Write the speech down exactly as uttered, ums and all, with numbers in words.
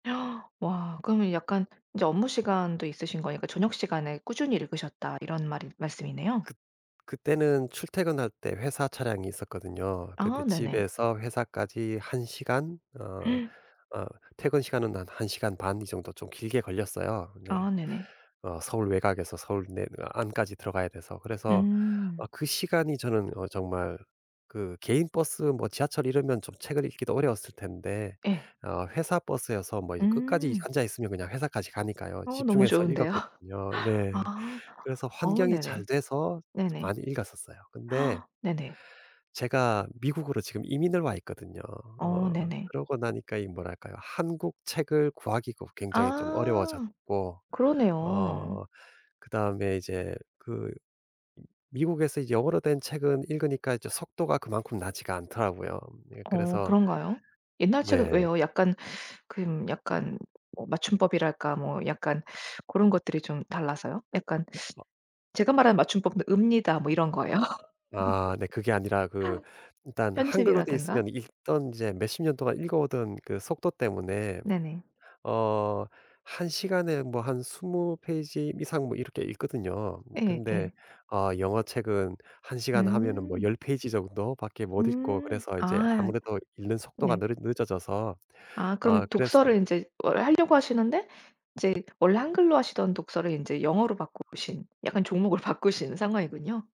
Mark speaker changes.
Speaker 1: 와 그러면 약간 이제 업무 시간도 있으신 거니까 저녁 시간에 꾸준히 읽으셨다 이런 말이 말씀이네요.
Speaker 2: 그 그때는 출퇴근할 때 회사 차량이 있었거든요.
Speaker 1: 아
Speaker 2: 근데
Speaker 1: 네네.
Speaker 2: 집에서 회사까지 한 시간 어 어 퇴근 시간은 한 한 시간 반 이 정도 좀 길게 걸렸어요.
Speaker 1: 아
Speaker 2: 근데
Speaker 1: 네네.
Speaker 2: 어 서울 외곽에서 서울 내 안까지 들어가야 돼서. 그래서
Speaker 1: 음.
Speaker 2: 어 그 시간이 저는 어 정말 그 개인 버스 뭐 지하철 이러면 좀 책을 읽기도 어려웠을 텐데
Speaker 1: 예.
Speaker 2: 어 회사 버스여서 뭐 이 끝까지
Speaker 1: 음.
Speaker 2: 앉아 있으면 그냥 회사까지 가니까요.
Speaker 1: 어 너무
Speaker 2: 집중해서
Speaker 1: 좋은데요.
Speaker 2: 읽었거든요. 네.
Speaker 1: 아.
Speaker 2: 그래서
Speaker 1: 어
Speaker 2: 환경이
Speaker 1: 네네.
Speaker 2: 잘 돼서
Speaker 1: 네네.
Speaker 2: 많이 읽었었어요. 근데
Speaker 1: 네네.
Speaker 2: 제가 미국으로 지금 이민을 와 있거든요. 어
Speaker 1: 어 네네.
Speaker 2: 그러고 나니까 이 뭐랄까요 한국 책을 구하기가 굉장히 좀
Speaker 1: 아
Speaker 2: 어려워졌고
Speaker 1: 그러네요.
Speaker 2: 어 그다음에 이제 그 미국에서 영어로 된 책은 읽으니까 이제 속도가 그만큼 나지가 않더라고요. 예
Speaker 1: 어
Speaker 2: 그래서
Speaker 1: 그런가요? 옛날 책은
Speaker 2: 네.
Speaker 1: 왜요? 약간 근 약간 어 맞춤법이랄까 뭐 약간 고런 것들이 좀 달라서요? 약간
Speaker 2: 아.
Speaker 1: 제가 말한 맞춤법은 "읍니다." 뭐 이런 거예요.
Speaker 2: 아 네 그게 아니라 그 일단 한글로 되어
Speaker 1: 편집이라든가.
Speaker 2: 있으면 읽던 이제 몇십 년 동안 읽어 오던 그 속도 때문에
Speaker 1: 네네.
Speaker 2: 어 한 시간에 뭐 한 스무 페이지 이상 뭐 이렇게 읽거든요.
Speaker 1: 예
Speaker 2: 근데
Speaker 1: 예.
Speaker 2: 어 영어책은 한 시간 시간 하면은 뭐
Speaker 1: 음.
Speaker 2: 열 페이지 정도밖에 못 읽고
Speaker 1: 음
Speaker 2: 그래서 이제
Speaker 1: 아.
Speaker 2: 아무래도 읽는 속도가
Speaker 1: 네.
Speaker 2: 느릿 늦어져서
Speaker 1: 아
Speaker 2: 어
Speaker 1: 그럼
Speaker 2: 그래서
Speaker 1: 독서를 인제 원래 하려고 하시는데 이제 원래 한글로 하시던 독서를 인제 영어로 바꾸신 약간 종목을 바꾸신 상황이군요.